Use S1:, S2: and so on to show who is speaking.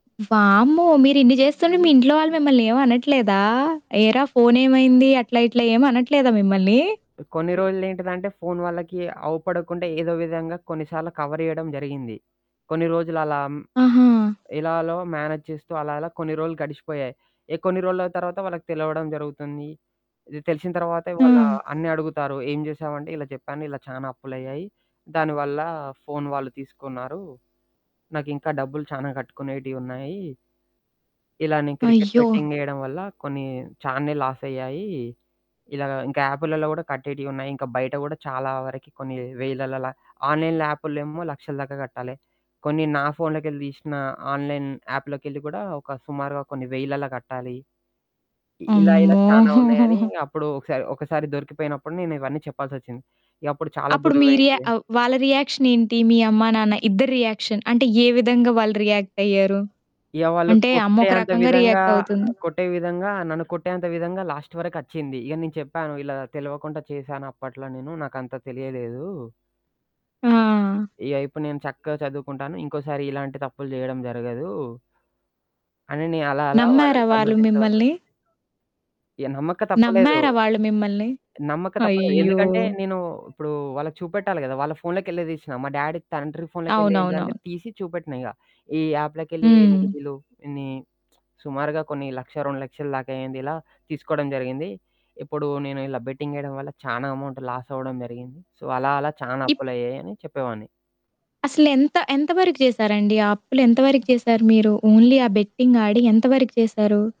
S1: వామ్మో! మీరు ఇన్ని జేస్తుంటే మీ ఇంట్లో వాళ్ళు మిమ్మల్ని ఏమనట్లేదా? ఏరా ఫోనేమైంది? అట్లా ఇట్లా ఏం అనట్లేదా మిమ్మల్ని?
S2: కొన్ని
S1: హ్మ్.
S2: రోజులు ఏంటిదంటే ఫోను వాళ్ళకి అవపడకుండా ఏదో విధంగా కొన్నిసార్లు కవర్ జేయడం జరిగింది. కొన్ని రోజులలా. హ్మ్,
S1: ఆహా!
S2: ఇలాలో మేనేజ్ చేస్తూ అలాలా కొన్ని రోజులు గడిచిపోయాయి. ఏహ్! కొన్ని రోజుల తర్వాత వాళ్ళకి తెలవడం జరుగుతుంది. ఇది తెలిసిన తర్వాతే వాళ్ళ
S1: హ్మ్.
S2: అన్నీ అడుగుతారు. ఏం చేసావంటే, ఇలా చెప్పాను. ఇలా చాలా అప్పులయ్యాయి. దానివల్ల ఫోను వాళ్ళు తీసుకున్నారు. నాకింకా డబ్బులు చాలా కట్టుకునేటియున్నాయి. ఇలానే క్రికెట్
S1: అయ్యో!
S2: బెట్టింగ్ జేయడం వల్ల కొన్ని చానే లాసయ్యాయి. ఇలాగ ఇంకా యాపులలో గుడా కట్టేటియున్నాయి. ఇంకా బయట గూడా చాలా వరకి కొన్ని వేలలలా ఆన్‌లైన్ యాపుల్లేమో లక్షల దాకా గట్టాలె. కొన్ని నా ఫోన్లోకెళ్ళి తీశిన ఆన్‌లైన్ యాప్లోకెళ్ళి కూడా ఒక సుమారుగా కొన్ని వెయిలలా కట్టాలి. ఇలా ఇలా
S1: అమ్మో!
S2: చానా ఉన్నాయని అప్పుడు ఒకసారి ఒకసారి దొరికిపోయినప్పుడు నేనివన్నీ చెప్పాల్సొచ్చింది. ఇకప్పుడు చాలా
S1: అప్పుడు మీ రియా
S2: గొడవైంది.
S1: ఆహ్, వాళ్ళ రియాక్షనేంటి? మీ అమ్మా నాన్న ఇద్దరి రియాక్షన్, అంటే ఏ విధంగా వాళ్ళు రియాక్టయ్యారు?
S2: ఇగ వాళ్ళు
S1: అంటే
S2: కొట్టే
S1: అమ్మొక
S2: అంత
S1: రకంగా
S2: విధంగా
S1: రియాక్టవుతుంది.
S2: ఆహ్, కొట్టే విధంగా నన్ను కొట్టేంత విధంగా లాస్ట్ వరకచ్చింది. ఇగ నేను చెప్పాను. ఇలా తెలవకుండా చేసాను అప్పట్లో నేను నాకంత తెలియలేదు.
S1: ఆ!
S2: ఇగ ఇపుడు నేను చక్కగా చదువుకుంటాను. ఇంకోసారి ఇలాంటి తప్పులు జేయడం జరగదు. అని నే అలా అలా
S1: నమ్మారా
S2: వాళ్ళని
S1: వాళ్ళు
S2: సమర్దించావాడిని.
S1: మిమ్మల్ని?
S2: ఏహ్! నమ్మక తప్పలేదు.
S1: నమ్మారా వాళ్ళు మిమ్మల్ని?
S2: నమ్మక తప్పలేదు.
S1: అయ్యో!
S2: ఎందుకంటే నేను ఇప్పుడు వాళ్ళకి చూపెట్టాలి కదా! వాళ్ళ ఫోన్లోకిెళ్ళే తీసినా. మా డ్యాడీ తండ్రి ఫోన్లోకిెళ్ళి
S1: అవునవునవును.
S2: ఏంటిందంటే తీసి చూపెట్టినా ఇగ. ఈ యాప్లోకెళ్ళి
S1: హ్మ్.
S2: ఈళ్లు ని సుమారుగా కొన్ని 1,00,000, 2,00,000 దాకా అయింది ఇలా. తీసుకోవడం జరిగింది. ఇప్పుడు నేను ఇలా బెట్టింగ్ జేయడం వల్ల చానా అమౌంట్ లాస్ అవ్వడం జరిగింది. సో అలా అలా చానా
S1: ఇప్
S2: అప్పులయ్యాయి అని చెప్పేవాడిని.
S1: అసలెంత ఎంతవరకు జేసారండి? ఆ అప్పులెంతవరికి జేసారు మీరు? ఓన్లీ ఆ బెట్టింగ్ ఆడి ఎంతవరకి చేసారు?